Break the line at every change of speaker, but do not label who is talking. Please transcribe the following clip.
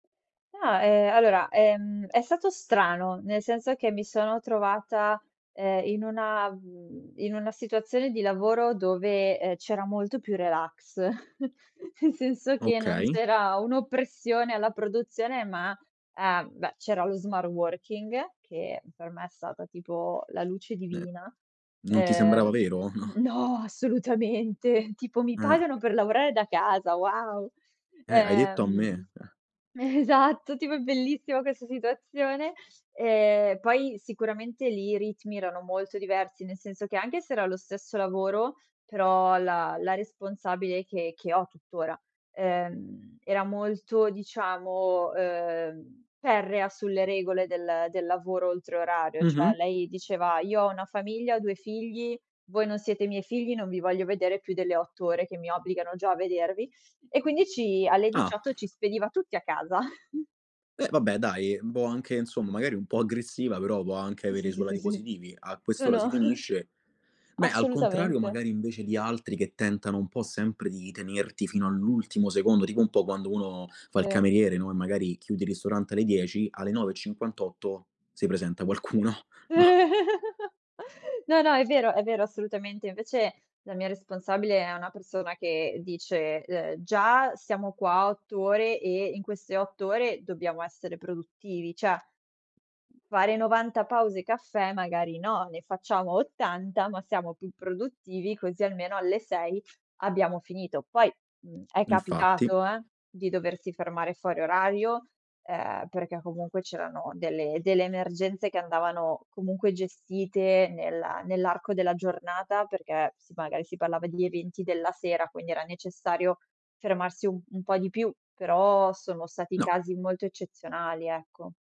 No, ehm, allora, ehm, è stato strano. Nel senso che mi sono trovata, ehm, in una mhmm, in una situazione di lavoro dove, ehm, c'era molto più relax; nel senso che non
Okay.
c'era un'oppressione alla produzione ma ehm, beh, c'era lo smart-working, che per me è stata tipo la luce
N
divina.
non ti sembrava
Ehm
vero,
mhmm,
no?
no! Assolutamente. Tipo: "Mi
Eh.
pagano per lavorare da casa? Wow!"
Eh, hai detto a
Ehm
me. Eh.
Eh, esatto, tipo è bellissima questa situazione. Ehm, poi sicuramente lì i ritmi erano molto diversi, nel senso che anche se era lo stesso lavoro, però la la responsabile che che ho tuttora, ehm, era molto, diciamo, ehm, ferrea sulle regole del del lavoro oltre orario.
Mh-mh.
Cioè lei diceva: "Io ho una famiglia, ho 2 figli, voi non siete i miei figli, non vi voglio vedere più delle 8 ore che mi obbligano già a vedervi." E quindi ci alle
Ah.
18 ci spediva tutti a casa.
Eh vabbè dai, boh, anche, insom magari un po' aggressiva però può anche
Sì,
avere i
sì, sì,
suoi
sì,
lati
sì.
positivi. "A
No,
quest'ora si
no.
finisce." Beh al contrario
Assolutamente.
magari invece di altri che tentano un po' sempre di tenerti fino all'ultimo secondo, tipo un po' quando uno fa il
Sì.
cameriere, no, e magari chiudi il ristorante alle 10, alle 9:58 si presenta qualcuno, no?
No, no, è vero, è vero, assolutamente. Invece la mia responsabile è una persona che dice, ehm: "Già siamo qua 8 ore e in queste 8 ore dobbiamo essere produttivi. Cioè: fare 90 pause caffè magari no. Ne facciamo 80, ma siamo più produttivi, così almeno alle 6 abbiamo finito." Poi, mhmm, è
Infatti.
capitato eh, di doversi fermare fuori orario, ehm, perché comunque c'erano delle delle emergenze che andavano comunque gestite nella nell'arco della giornata, perché sì, magari si parlava degli eventi della sera, quindi era necessario fermarsi u un po' di più; però sono stati
No.
casi molto eccezionali, ecco.